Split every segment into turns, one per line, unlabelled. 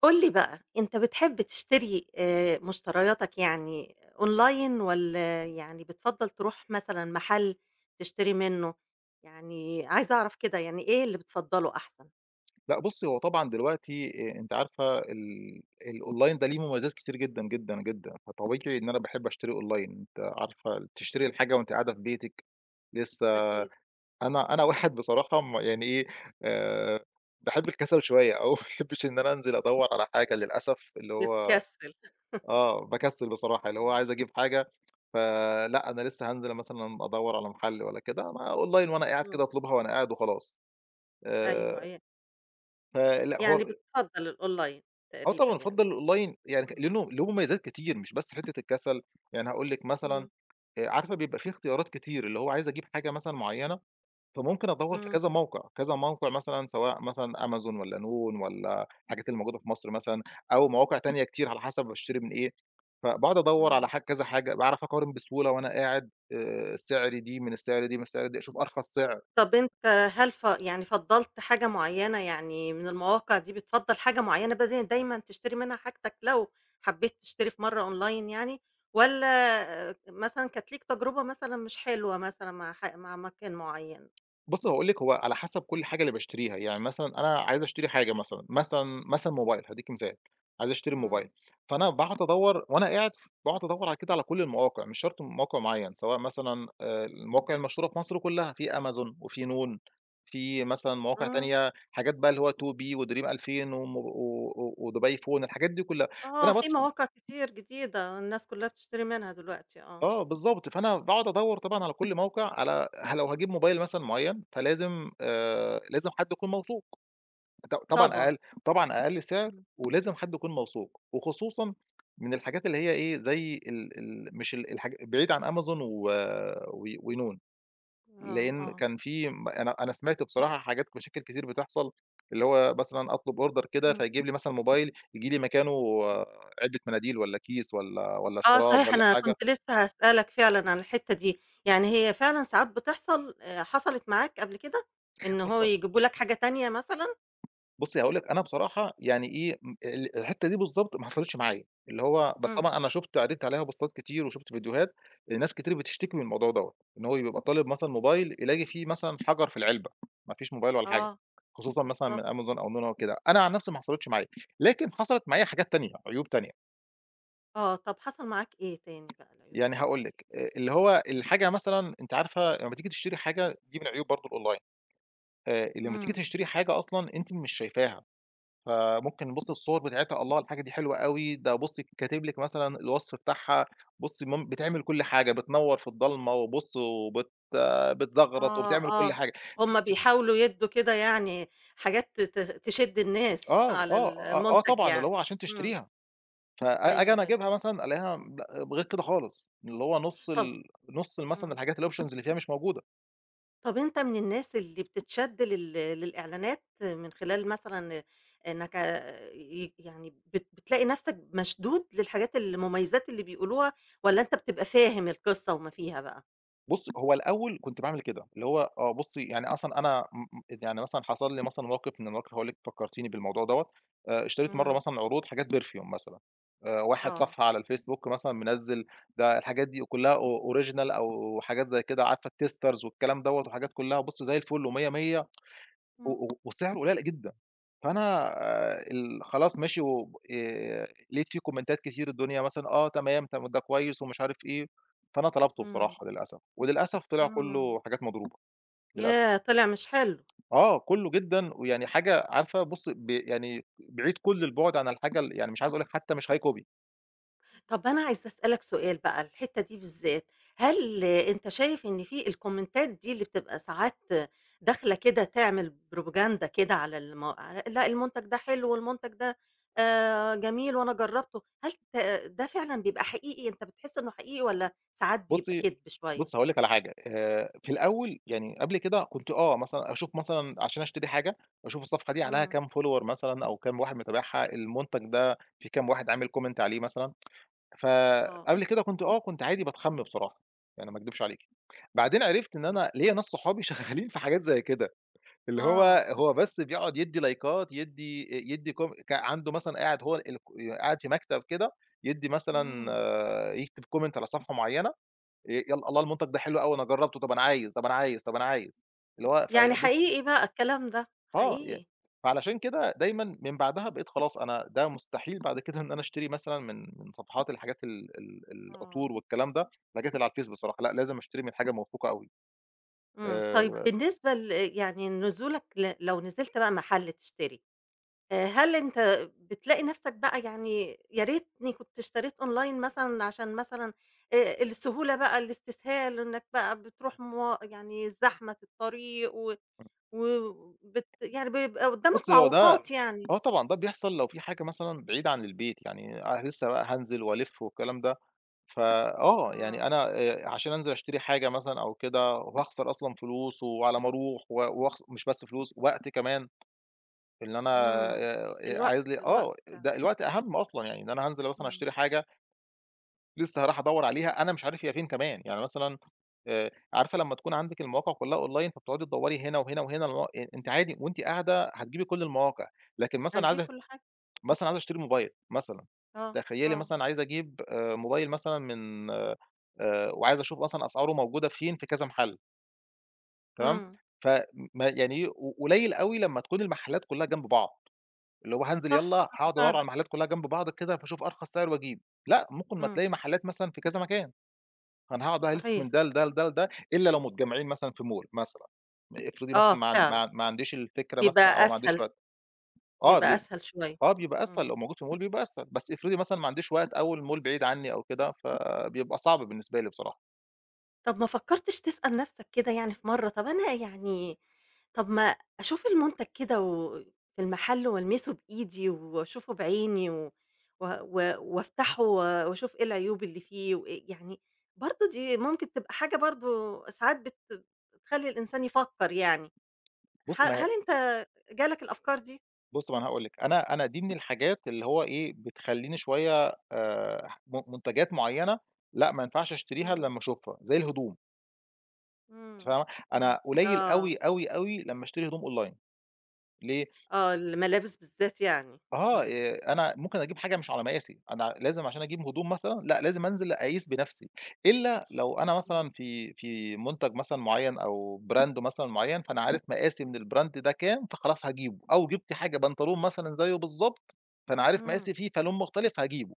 قُل لي بقى، أنت بتحب تشتري آآ مشترياتك يعني Online والّا يعني بتفضّل ترُوح مثلًا محَل تشتري منُّه، يعني عايزة أعرَف كده يعني إيه اللي بتفضّله أحسَن؟
لأ، بُصّي هو طبعًا دلوقتي أ أنتِ عارفة ال الonline ده ليه مميّزات كتير جدًا، جدًا، جدًا، فطبيعتي إن أنا باحب أشتري online أنتِ عارفة تشتري الحاجة وأنتِ قاعدة في بيتِك لسه
أكيد.
أنا أنا واحد بصراحة م يعني إيه آآ باحب الكسَل شوية أو ما باحبّش إن أنا أنزِل أدوّر على حاجة للأسف، اللي هو
بتكسّل.
آه باكسّل بصراحة اللي
إمم.
هوعايز أجيب حاجة ف آآ لأ أنا لسه هانزِل مثلًا أَدوّر على محَل والّا كده، أنا online وأنا قاعد كده
إمم.
أطلُبها وأنا قاعد وخلاص،
أيوه،
آآ
إي
فلأ هو
يعني بتفضّل الOnline
آه
تقريبًا
طبعًا
يعني.
أَفضّل Online يعني ك
إمم.
لأنه له مميّزات كتير مش بس حِتّة الكسَل. يعني هاقول لِك مثلًا،
همم.
عارفة بيبقى في اختيارات كتير اللي هو عايز أجيب حاجة مثلًا مُعيّنة فممكن أدوّر في
إمم.
كذا موقِع، كذا موقِع مثلًا سواء مثلًا Amazon والّا noon والّا الحاجات الموجودة في مصر مثلًا، أو مواقع تانية كتير على حسَب باشتري من إيه، فباقعُد أدوّر على
همم.
حاجة كذا حاجة باعرَف أقارن بسهولة وأنا قاعد آآ سِعر دي من سِعر دي من سِعر دي، أشوف أرخَص سِعر.
طَب أنت، هل ف يعني فَضّلت حاجة مُعيّنة يعني من المواقع دي، بتفضّل حاجة مُعيّنة بدل دايمًا تشتري منها حاجتك لو حبّيت تشتري في مرّة Online يعني والّا مثلًا كانت ليك تجربة مثلًا مش حلوة مثلًا مع ح مع مكان مُعيّن؟
بُصّي هاقول لِك هو على حسب كل حاجة اللي باشتريها، يعني مثلًا أنا عايز أشتري حاجة، مثلًا، مثلًا، مثلًا موبايل، هادّيكِ مِثال، عايز أشتري موبايل
إمم.
فأنا باقعُد أدوّر وأنا قاعد ف باقعُد أدوّر على كده على كل المواقع، مش شرْط موقِع مُعيّن سواء مثلًا آآ المواقع المشهورة في مصر كلّها في Amazon وفي noon في مثلًا مواقع
إمم.
تانية، حاجات بقى اللي هو 2B و Dreem2000 و و وDubai phone، الحاجات دي كلّها
آه،
فأنا
في مواقع
[unintelligible]
كتير جديدة الناس كلّها بتشتري منها دلوقتي، آه.
آه بالضبط، فأنا باقعُد أَدّور طبعًا على كل موقِع على لو هاجيب موبايل مثلًا مُعيّن، فلازم آآ، لازم حد يكون موثوق ط طبعًا
طبعًا.
أقل طبعًا، أقل سِعر
إمم.
ولازم حد يكون موثوق وخصوصًا من الحاجات اللي هي إيه، زي ال ال مش ال الحاج بعيد عن Amazon و و وnoon.
آه،
لأن
آه.
كان في أنا أنا سمعت بصراحة حاجات مشاكل كتير بتحصَل اللي هو مثلًا أطلب Order كده
همم.
فيجيب لي مثلًا موبايل ييجي لي مكانه علبة مناديل والّا كيس والّا والّا
آه
شراب
صحيح،
والّا
أنا
حاجة.
كنت لسه هاسألك فعلًا عن الحِتّة دي، يعني هي فعلًا ساعات بتحصَل؟ آآ حصَلِت معاك قبل كده إن هو
[unintelligible]
يجيبوا لك حاجة تانية مثلًا؟
بُصي، هاقول لِك أنا بصراحة يعني إيه م ال الحتّة دي بالضبط ما حصلتش معايا اللي هو بس
إمم.
طبعًا أنا شُفت عدّيت عليها بوستات كتير وشُفت فيديوهات لناس كتير بتشتكي من الموضوع ده، إن هو يبقى طالب مثلًا mobile يلاقي فيه مثلًا حجَر في العلبة ما فيش موبايل ولا حاجة،
آه،
خصوصًا مثلًا من
بالضبط.
Amazone أو noon أو كده، أنا عن نفسي ما حصلِتش معايا لكن حصلِت معايا حاجات تانية، عيوب تانية.
آه. طَب حصل معاك إيه تاني بقى، العيوب
يعني
التانية
هاقول
دي؟
لِك، آآ، اللي هو
إمم.
الحاجة مثلًا أنتِ عارفة لمّا تيجي تشتري حاجة دي من عيوب برضه الأونلاين. آآ لمّا تيجي
إمم.
تشتري حاجة أصلًا أنتِ مش شايفاها فممكن بُصي الصور بتاعتها الله الحاجة دي حلوة أوي، ده بُصي كاتب لِك مثلًا الوصف بتاعها بُصي مم بتعمل كل حاجة بتنور في الضلمة وبُص وبت بتزغرط
آه
وبتعمل كل
آه
حاجة
هُم
تيجي تت
بيحاولوا يدّوا كده يعني حاجات ت ت تشد الناس
آه
على
آه،
ال
آه
المنتج
طبعًا اللي
يعني
هو عشان
إمم.
تشتريها، فآجي
أيوه،
أنا
أيوه.
أجيبها مثلًا ألاقيها بغير كده خالص، اللي هو نُص
طَب
ال نُص مثلًا
إمم.
الحاجات الoptions اللي فيها مش موجودة.
طَب أنت من الناس اللي بتتشد لل للإعلانات من خلال مثلًا إنك ع ي يعني بت بتلاقي نفسك مشدود للحاجات المميزات اللي بيقولوها، والّا أنت بتبقى فاهم القصة وما فيها بقى؟
بُصّي هو الأول كنت باعمل كده اللي هو آه، بُصّي يعني أصلًا أنا م م يعني مثلًا حصل لي مثلًا موقِف من المواقِف هاقول لِك فكّرتيني بالموضوع دَوّة، آآ اشتريت مَرّة
إمم.
مثلًا عروض حاجات perfume مثلًا آآ واحد
آه.
صفحة على الfacebook مثلًا منزّل ده الحاجات دي آآ كلّها أو original أو حاجات زي كده عارفة الtesters والكلام دَوّة وحاجات كلّها وبُصّي زي الفل و100 100 و
إمم.
و والسعر قليّل أ جدًا فأنا آآ ال خلاص ماشي وب آآ لقيت في كومنتات كتيرة الدنيا مثلًا آه تمام، طَب ما ده كويس ومش عارف إيه، فأنا طلبته
إمم.
بصراحة للأسف، وللأسف طلع
إمم.
كلّه حاجات مضروبة للأسف.
ياه! طلع مش حلو.
آه، كلّه جدًا ويعني حاجة عارفة بُصّي ب يعني ب بعيد كل البُعد عن الحاجة ال يعني مش عايز أقول لِك حتى مش copy high.
طَب أنا عايزة أسأل لك سؤال بقى، الحتّة دي بالذّات، هل أنت شايف إن في الكومنتات دي اللي بتبقى ساعات داخلة كده تعمل propaganda كده على الم على لأ، المنتج ده حلو، والمنتج ده آآ جميل، وأنا جرّبته، هل ت ده فعلًا بيبقى حقيقي، أنت بتحس إنه حقيقي، والّا ساعات بيبقى
بُصّي،
كدب شوية؟
بُصّي هاقول لِك على حاجة، آآ في الأول يعني قبل كده كنت آه مثلًا أشوف مثلًا عشان أشتري حاجة، وأشوف الصفحة دي عليها
إمم.
كام follower مثلًا، أو كام واحد متابعها، المنتج ده في كام واحد عامل comment عليه مثلًا،
آه.
فقبل كده كنت آه، كنت عادي باتخَم بصراحة يعني، ما اكدبش عليكِ، بعدين عرفت إن
[unintelligible]
أنا ليّا ناس صحابي شغّالين في حاجات زي كده، اللي هو،
آه.
هو بس بيقعُد يدّي لايكات، يدّي آآ، يدّي كوم ك عنده مثلًا، قاعد هو الك يا قاعد في مكتب كده، يدّي
إمم.
مثلًا، يكتب comment على صفحة معيّنة، آآ يالّا الله المنتج ده حلو أوي، أنا جرّبته، طَب أنا عايز، طَب أنا عايز، طَب أنا عايز، اللي هو
يعني
في بُصّي
حقيقي بقى الكلام ده،
آه، يعني
حقيقي.
فعلشان كده دايمًا من بعدها بقيت خلاص، أنا ده مستحيل بعد كده إن أنا أشتري مثلًا من، من صفحات الحاجات ال ال
آه.
العطور والكلام ده، الحاجات اللي على الface بصراحة لأ، لازم أشتري من حاجة موثوقة أوي،
إمم، طيب
آآ
بالنسبة ل يعني نزولك ل لو نزلت بقى محل تشتري آآ، هل أنت بتلاقي نَفْسك بقى، يعني يا ريتني كنت اشتريت online مثلًا، عشان مثلًا آآ السهولة بقى، الإستسهال، إنّك بقى بتروح موا يعني زحمة في الطريق، و
امم.
و وبت يعني بيبقى قدّامك
بُصّي، هو ده
معوّقات يعني؟
آه، طبعًا ده بيحصل لو في حاجة مثلًا بعيد عن البيت، يعني أنا لسه بقى هانزل وألِف والكلام ده، فآه،
آه.
يعني أنا آآ عشان أنزل أشتري حاجة مثلًا أو كده، وهاخسر أصلًا فلوس، وعلى ما أروح، و وأخسر مش بس فلوس، وقت كمان، اللي أنا
إمم،
آآ آآ
الوقت،
عايز لي،
الوقت
آه
فعلًا.
ده الوقت أهم أصلًا، يعني إن أنا هانزل مثلًا
إمم.
أشتري حاجة، لسه هاروح أدوّر عليها، أنا مش عارف هي فين كمان، يعني مثلًا آآ عارفة لمّا تكون عندِك المواقع كلّها online، فبتقعُدي تدوّري هنا وهنا وهنا، لغا يعني أنتِ عادي وأنتِ قاعدة هتجيبي كل المواقع، لكن مثلًا
هتجيب
عايزة
كل حاجة.
مثلًا، عايز أشتري moblile مثلًا،
آه،
تخيلّي
آه.
مثلًا عايز أجيب آآ mobile مثلًا من آآ، وعايز أشوف مثلًا أسعاره موجودة فين في كذا محل. تمام،
امم.
ف م يعني إيه ق قليّل أوي لمّا تكُون المحلّات كلّها جنب بعض، اللي هو هانزِل يالّا
صح، صح
هاقعُد أدوّر على
فعلًا.
المحلّات كلّها جنب بعض كده فاشوف أرخَص سِعر وأجيب، لأ ممكن ما تلاقي
امم.
محلّات مثلًا في كذا مكان، أنا هاقعُد بقى ألِفّ من
صحيح.
ده لده، لده، لده، إلّا لو متجمّعين مثلًا في Mall مثلًا، آآ افرضي مثلًا
آه
ما
فعلًا،
ما ما عنديش الفكرة مثلًا
بيبقى
أو ما عنديش
أسهَل،
وقت، آه
بيبقى
بي
أسهَل شويّة،
آه بيبقى أسهل
امم.
لو موجود في Mall بيبقى أسهل بس افرضي مثلًا ما عنديش وقت أو الMall بعيد عنّي أو كده فبيبقى صعب بالنسبة لي بصراحة.
طَب ما فكّرتش تسأل نَفْسك كده يعني في مرّه، طَب أنا يعني، طَب ما أشوف المُنتَج كده و في المحَل وألمِسه بإيدي وأشوفه بعيني و و و وأفتَحه و وأشوف إيه العيوب اللي فيه وإيه يعني، برضه دي ممكن تبقى حاجة برضه ساعات بت بتخلّي الإنسان يفكّر يعني، ح
بُصّي ما
هل أنت جالك الأفكار دي؟
بُصّي، ما هو أنا هاقول لِك، أنا أنا دي من الحاجات اللي هو إيه بتخلّيني شويّة آآ م مُنتجَات معيّنة، لأ ما ينفَعش أشتريها إلأ
امم.
لمّا أشوفها زي الهدوم.
امم،
فاهمة،
امم،
أنا قليّل
آه.
أوي، أوي، أوي لمّا أشتري هدوم Online، ليه؟
آه الملابس بالذات يعني،
آه
امم.
ي أنا ممكن أجيب حاجة مش على مقاسي أنا لازم عشان أجيب هدوم مثلًا، لأ لازم أنزِل أقيس بنَفْسي، إلّا لو أنا
امم.
مثلًا في في مُنتَج مثلًا معيّن أو Brand مثلًا معيّن فأنا عارف مقاسي من الBrand ده كام فخلاص هاجيبه أو جِبت حاجة بنطلون مثلًا زيه بالضبط، فأنا عارف
امم.
مقاسي فيه فلُون مختلِف هاجيبه.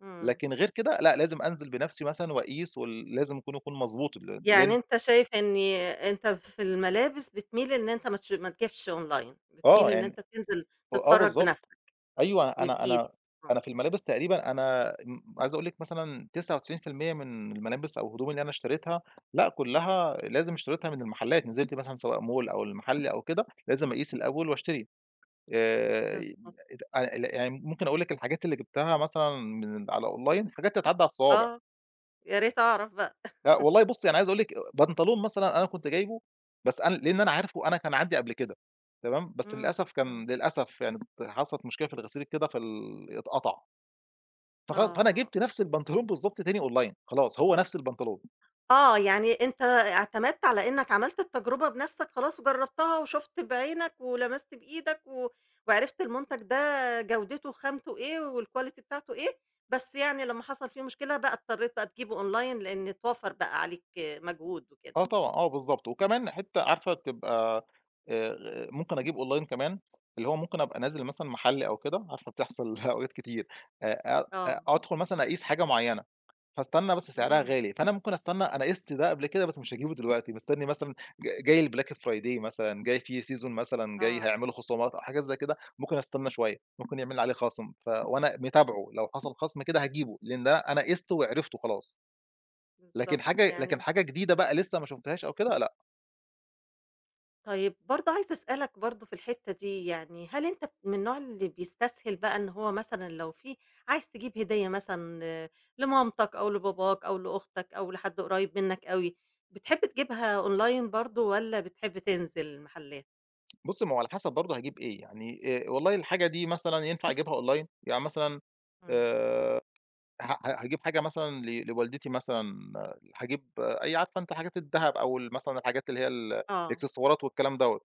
امم.
لكن غير كده لأ لازم أنزل بنفسي مثلًا، وأقيس ول لازم يكون يكون مضبوط ال
يعني
لأن
أنت شايف إني، أنت في الملابس، بتميل إن أنت ما تش ما تجيبش Online، بتميل
آه
إن
يعني.
أنت تنزل
آه
تتفرج
بالضبط
بنفسك،
أيوه. أنا
وتقيس
أنا
طبعًا.
أنا في الملابس تقريبًا أنا عايز أقول لِك مثلًا 99% من الملابس أو هدوم اللي أنا اشتريتها لأ كلها لازم اشتريتها، من المحلات نزلت مثلًا، سواء Mall أو المحل، أو كده، لازم أقيس الأول وأشتري. آآ،
بالضبط.
لا أ يعني ممكن أقول لِك الحاجات اللي جبتها مثلًا من على Online حاجات تتعدّ على الصوابع.
آه يا ريت أعرف بقى.
لا والله بُصِّي، أنا عايز أقول لِك بنطلون مثلًا أنا كنت جايبه، بس أنا لأن أنا عارفه أنا كان عندي قبل كده، تمام؟ بس
امم،
للأسف
امم.
كان للأسف يعني، حصلت مشكلة في الغسيل، كده في ال اتقطَّع. فخلاص، فأنا
آه.
جبت نفس البنطلون، بالضبط تاني Online، خلاص، هو نفس البنطلون.
آه، يعني أنت اعتمدت على إنك عملت التجربة بنفسك. خلاص، جرَّبتها، وشُفت بعينك، ولمست بإيدك، و وعرفت المنتج ده جودته، خامته إيه، والQuality بتاعته إيه. بس يعني، لمّا حصل فيه مشكلة بقى، اضطريت بقى تجيبه Online، لأن اتوفّر بقى عليك مجهود وكده.
آه، طبعًا، آه، بالضبط. وكمان، حتى عارفة، تبقى آآ ممكن أجيب Online، كمان، اللي هو ممكن أبقى نازل مثلًا محل، أو كده، عارفة، بتحصل أوقات كتير، آآ،
آه.
أدخل مثلًا أقيس حاجة مُعيّنة، فاستنى بس، سعرها
امم.
غالي، فأنا ممكن أستنى، أنا قِست ده قبل كده، بس مش هاجيبه دلوقتي. بستنّي مثلًا ج جاي الBlack Friday مثلًا جاي في Season مثلًا جاي
آه.
هيعملوا خصومات أو حاجة زي كده، ممكن أستنى شوية ممكن يعمل عليه خصم، ف وأنا متابعه لو حصل خصم كده هاجيبه لأن ده أنا قيسته وعرفته خلاص. لكن
بالضبط
حاجة، لكن
يعني
حاجة جديدة، بقى، لسه ما شفتهاش أو كده لأ.
طيّب برضه عايزة أسألك برضه في الحتّة دي يعني هل أنت من النوع اللي بيستسهل بقى إن هو مثلًا لو في عايز تجيب هدية مثلًا لمامتك أو لباباك أو لأختك أو لحد قريّب منّك أوي، بتحب تجيبها أونلاين برضه والّا بتحب تنزل المحلات؟
بُصّي، ما هو على حسب برضه هاجيب إيه، يعني آآ والله الحاجة دي مثلًا ينفع أجيبها أونلاين يعني مثلًا
أمم.
آآ ه ه هاجيب حاجة مثلًا ل لوالدتي مثلًا، هاجيب أي عارفة أنتِ الحاجات الدهب أو مثلًا الحاجات اللي هي ال
آه.
الإكسسوارات والكلام دوّة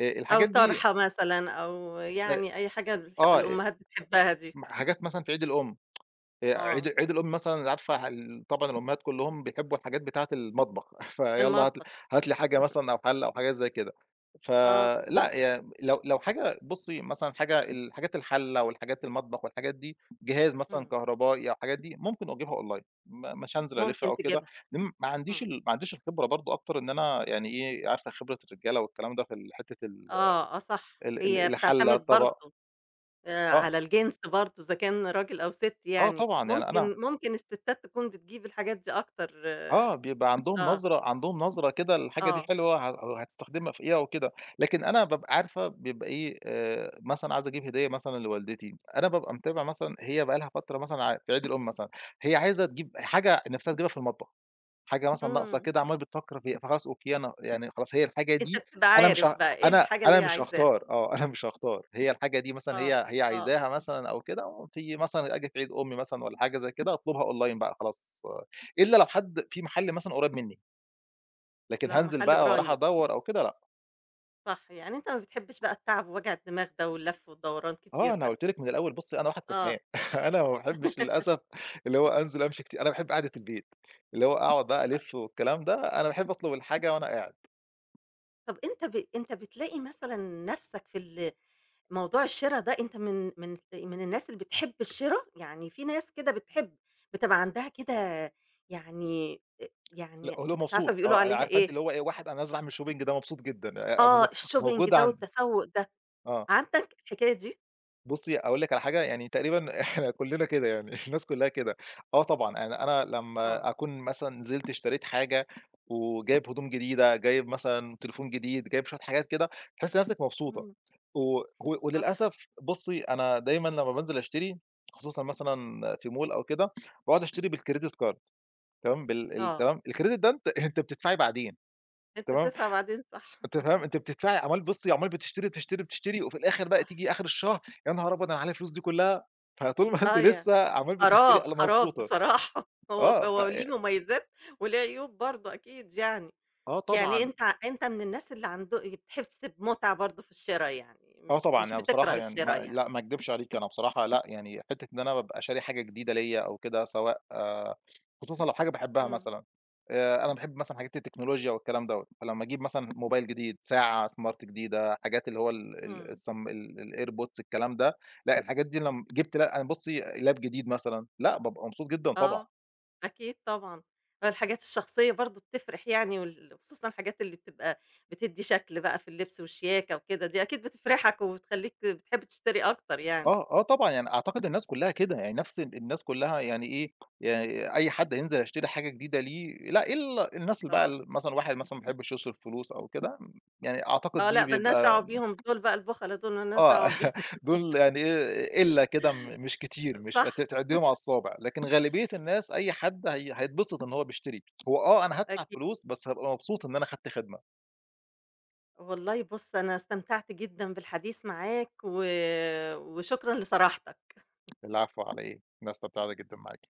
آآ
أو
الحاجات دي
طرحة مثلًا، أو
[unintelligible]
يعني أي حاجة الح
آه، أ
الأم بتحبها دي.
م حاجات مثلًا في عيد الأم آآ
آه.
عيد عيد الأم مثلًا عارفة ه ال طبعًا الأمهات كلّهم بيحبّوا الحاجات بتاعة المطبخ
في
فيالّا هات ل
المطبخ.
هات لي حاجة مثلًا أو حَلّة أو حاجات زي كده.
آه بالضبط.
فلأ يعني لو لو حاجة بُصّي مثلًا حاجة الحاجات الحَلّة والحاجات المطبخ والحاجات دي جهاز مثلًا
إمم.
كهربائي أو حاجات دي ممكن أجيبها أونلاين م مش هانزِل أَلِف
ممكن
أو كده
تجيبها.
لأن ما
إمم.
عَنديش ما عَنديش الخبرة برضه أكتر إن أنا يعني إيه عارفة خبرة الرجالة والكلام ده في ال حتّة ال
آه، آه، صح،
ال
هي
ال الحَلّة
بتعتمد
الطبَق.
برضه آآ
آه.
على الجنس برضه إذا كان رجل أو ست
آه
يعني
طبعًا يعني أنا
ممكن، ممكن الستات تكون بتجيب الحاجات دي أكتر
آه، بيبقى عَندهم
آه.
نظرة، عَندهم نظرة كده الحاجة دي
آه.
حلوة ه هتستخدمها في إيه أو كده، لكن أنا بابقى عارفة بيبقى إيه آآ مثلًا عايز أجيب هدية مثلًا لوالدتي أنا بابقى متابع مثلًا هي بقى لها فترة مثلًا ع في عيد الأم مثلًا هي عايزة تجيب إ حاجة نِفْسها تجيبها في المطبخ، حاجة مثلًا ناقصة
إمم.
كده عمّالة بتفكّر فيها، فخلاص أوكي، أنا يعني خلاص هي الحاجة
أنت
دي
بتبقى
أنا مش
عارف
ها
بقى إيه،
أنا،
الحاجة اللي
أنا
هي
مش
عايزاها.
هاختار آه، أنا مش هاختار هي الحاجة دي مثلًا
آه،
هي هي
آه.
عايزاها مثلًا أو كده، في مثلًا أجي في عيد أم مثلًا والّا حاجة زي كده أطلبها أونلاين بقى خلاص إلّا لو حد في محل مثلًا قريّب مِنّي. لكن
لو
هانزل
محل
بقى وأروح
قريب.
أدوّر أو كده، لأ.
صح، يعني أنت ما بتحبش بقى التعب ووجع الدماغ ده واللف والدوران
آه،
كتير
أنا
ده.
قُلت لِك من الأول، بُصّي، أنا واحد كسلان،
آه.
أنا ما باحبش للأسف اللي هو أنزل أمشي كتير أنا باحب قاعدة البيت، اللي هو أقعد
أ
ألِفّ والكلام ده، أنا باحب أطلب الحاجة وأنا قاعد.
طَب أنت ب أنت بتلاقي مثلًا نفسك في ال موضوع الشِرا ده؟ أنت من من من الناس اللي بتحب الشرا؟ يعني في ناس كده بتحب، بتبقى عندها كده يعني، آآ
لأ
يعني
[unintelligible]
مش عارفة
مبسوط،
بيقولوا
آه أنا
عليها
عارفة أنتِ
إيه.
اللي هو إيه، واحد أنا نازل أعمل shopping ده مبسوط جدًا آآ
آه
مو
الshopping
موجود
ده
عند
والتسوّق ده
آه.
عندك حكاية دي؟
بُصّي، أقول لِك على حاجة، يعني تقريبًا إحنا كلنّا كده، يعني الناس كلها كده آه طبعًا، يعني أنا
آه.
لمّا أكون مثلًا نزلت اشتريت حاجة، وجايب هدوم جديدة، جايب مثلًا تليفون جديد، جايب شويّة حاجات كده، تحسّي نفسِك مبسوطة،
إمم.
و و
صح.
وللأسف بُصّي، أنا دايمًا لمّا بانزل أشتري، خصوصًا مثلًا في mall أو كده، باقعد أشتري بالcredit card تمام، بال ال
آه.
تمام الcredit ده، أنتِ أنتِ بتدفعي بعدين،
أنت
تمام؟
بتدفع بعدين صح.
أنتِ فاهمة، أنتِ بتدفعي، وعمّال بُصّي، عمّال بتشتري، بتشتري، بتشتري، وفي الآخر بقى
صح.
تيجي آخر الشهر، يا نهار أبيض، أنا عليّا الفلوس دي كلها! فطول ما أنتِ
أيوه،
لسّه عمّال بتشتري،
خراب،
أنا
خراب
مبسوطة،
بصراحة، هو
آه ف
هو ليه
آآ
مميزات وليه عيوب برضه أكيد يعني،
آه
يعني
طبعًا.
أنت أنت من الناس اللي عندو بتحس بمتعة برضه في الشرا، يعني
آه
مش
طبعًا
مش
يعني
بتكره
بصراحة يعني ما
الشرا يعني.
لا ما أكدبش عليكِ أنا بصراحة لأ يعني حتّة إن أنا بابقى شاري حاجة جديدة ليّا أو كده سواء خصوصًا لو حاجة باحبها
إمم.
مثلًا آآ أنا باحب مثلًا حاجات التكنولوجيا والكلام دوّة، فلمّا أجيب مثلًا موبايل جديد، ساعة smart جديدة، حاجات اللي هو ال ال
إمم.
السم الairpods الكلام ده، لأ الحاجات دي لمّا جبت ل بُصّي لاب جديد مثلًا، لا بابقى مبسوط جدًا طبعًا.
آه أكيد طبعًا، الحاجات الشخصية برضه بتفرِح يعني، وال و خصوصًا الحاجات اللي بتبقى بتدي شكل بقى في اللبس والشياكة وكده، دي أكيد بتفرحك وبتخليك بتحب تشتري أكتر يعني
آه، آه طبعًا، يعني أعتقد الناس كلها كده، يعني نفس ال الناس كلها، يعني إيه يعني أي حد هينزل هيشتري حاجة جديدة ليه، لا إلا الناس اللي
آه.
بقى مثلًا واحد مثلًا ما بيحبش يصرف فلوس أو كده، يعني أعتقد
آه
دي
لا ما لناش
بيبقى
دعوه بيهم دول بقى البُخلّة دول ما لناش
آه
دعوه بيهم
دول يعني قِلّة كده، مش كتير، مش أ
صح.
تعديهم على الصوابع، لكن غالبية الناس، أي حد هي هيتبسط إن هو بيشتري، هو آه أنا هادفع
أكيد.
فلوس، بس هابقى مبسوط إن أنا أخدت خدمة.
والله بُصّ أنا استمتعت جدًا بالحديث معاك، و وشكرًا لصراحتك.
العفو على إيه؟ أنا استمتعت جدًا معاكِ.